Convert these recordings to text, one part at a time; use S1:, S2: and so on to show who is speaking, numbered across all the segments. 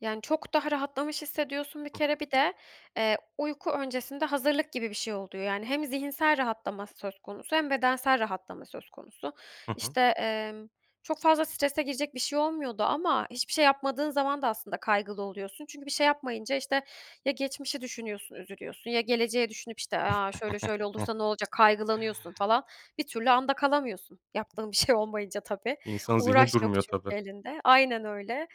S1: Yani, çok daha rahatlamış hissediyorsun bir
S2: Hı hı.
S1: kere. Bir de, eee, uyku öncesinde hazırlık gibi bir şey oluyor yani hem zihinsel rahatlama söz konusu hem bedensel rahatlama söz konusu.
S2: Hı hı.
S1: İşte, emm, çok fazla strese girecek bir şey olmuyordu ama hiçbir şey yapmadığın zaman da aslında kaygılı oluyorsun. Çünkü bir şey yapmayınca, işte, ya geçmişi düşünüyorsun, üzülüyorsun ya geleceği düşünüp, işte, "A, şöyle şöyle olursa ne olacak?" kaygılanıyorsun falan. Bir türlü anda kalamıyorsun yaptığın bir şey olmayınca, tabii.
S2: İnsanın zihni
S1: Uğraş yok
S2: durmuyor
S1: çünkü
S2: tabii.
S1: elinde. Aynen öyle.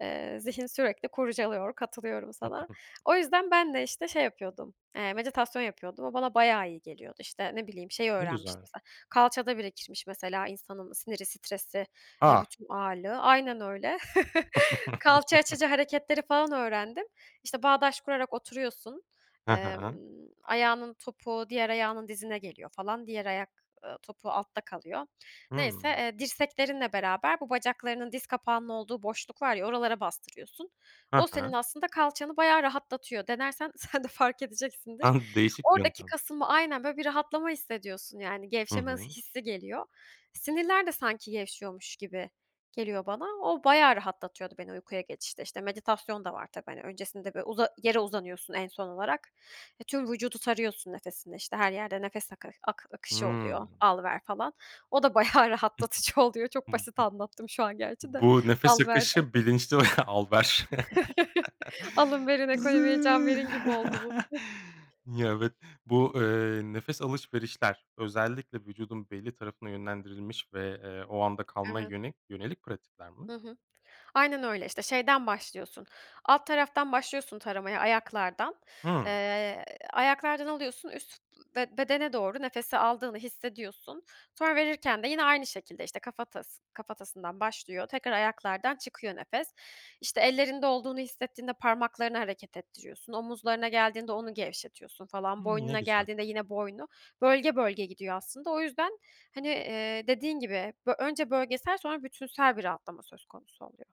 S1: Eee, zihin sürekli kurcalıyor, katılıyorum
S2: Hı,
S1: sana.
S2: hı hı.
S1: O yüzden ben de, işte, şey yapıyordum, eee, meditasyon yapıyordum. O bana bayağı iyi geliyordu, işte, ne bileyim şeyi
S2: Ne
S1: öğrenmiştim
S2: güzel.
S1: mesela, kalçada birikirmiş mesela insanın siniri, stresi, eee,
S2: A!
S1: bütün ağırlığı Aynen öyle. Kalça açıcı hareketleri falan öğrendim. İşte, bağdaş kurarak oturuyorsun.
S2: Ha
S1: Emm,
S2: ha.
S1: ayağının topuğu diğer ayağının dizine geliyor falan. Diğer ayak, ııı, topuğu altta kalıyor. Neyse,
S2: Hımm.
S1: eee, dirseklerinle beraber bu bacaklarının diz kapağının olduğu boşluk var ya, oralara bastırıyorsun.
S2: Ha
S1: O senin
S2: ha.
S1: aslında kalçanı bayağı rahatlatıyor. Denersen sen de fark edeceksindir.
S2: An değişik bir
S1: Oradaki
S2: yöntem.
S1: kasılma Aynen, böyle, bir rahatlama hissediyorsun yani
S2: Hı
S1: gevşeme ıs
S2: hı.
S1: hissi geliyor. Sinirler de sanki gevşiyormuş gibi geliyor bana. O bayağı rahatlatıyordu beni uykuya geçişte. İşte, meditasyon da var tabii. Hani, öncesinde bir uza yere uzanıyorsun en son olarak. Eee, tüm vücudu sarıyorsun nefesinle, işte, her yerde nefes aka akı akışı
S2: Hıı.
S1: oluyor; al, ver falan. O da bayağı
S2: Hı
S1: rahatlatıcı oluyor. Çok
S2: hı.
S1: basit anlattım şu an gerçi de
S2: Bu nefes
S1: al, ver
S2: akışı
S1: derken.
S2: bilinçli ve al ver.
S1: Alın, verin,
S2: Zı
S1: ekonomiye can verin gibi oldu bu.
S2: Ya, evet, bu, eee, nefes alışverişler özellikle vücudun belli tarafına yönlendirilmiş ve, eee, o anda kalmaya
S1: Evet.
S2: yönel yönelik pratikler mi?
S1: Hı hı. Aynen öyle. İşte, şeyden başlıyorsun, alt taraftan başlıyorsun taramaya, ayaklardan.
S2: Hıı.
S1: Eee, ayaklardan alıyorsun, üst b bedene doğru nefesi aldığını hissediyorsun. Sonra, verirken de yine aynı şekilde, işte, kafatas kafatasından başlıyor, tekrar ayaklardan çıkıyor nefes. İşte, ellerinde olduğunu hissettiğinde parmaklarını hareket ettiriyorsun. Omuzlarına geldiğinde onu gevşetiyorsun falan.
S2: Hımm, ne
S1: Boynuna
S2: güzel.
S1: geldiğinde yine boynu. Bölge bölge gidiyor aslında. O yüzden, hani, eee, dediğin gibi, bö önce bölgesel sonra bütünsel bir rahatlama söz konusu oluyor.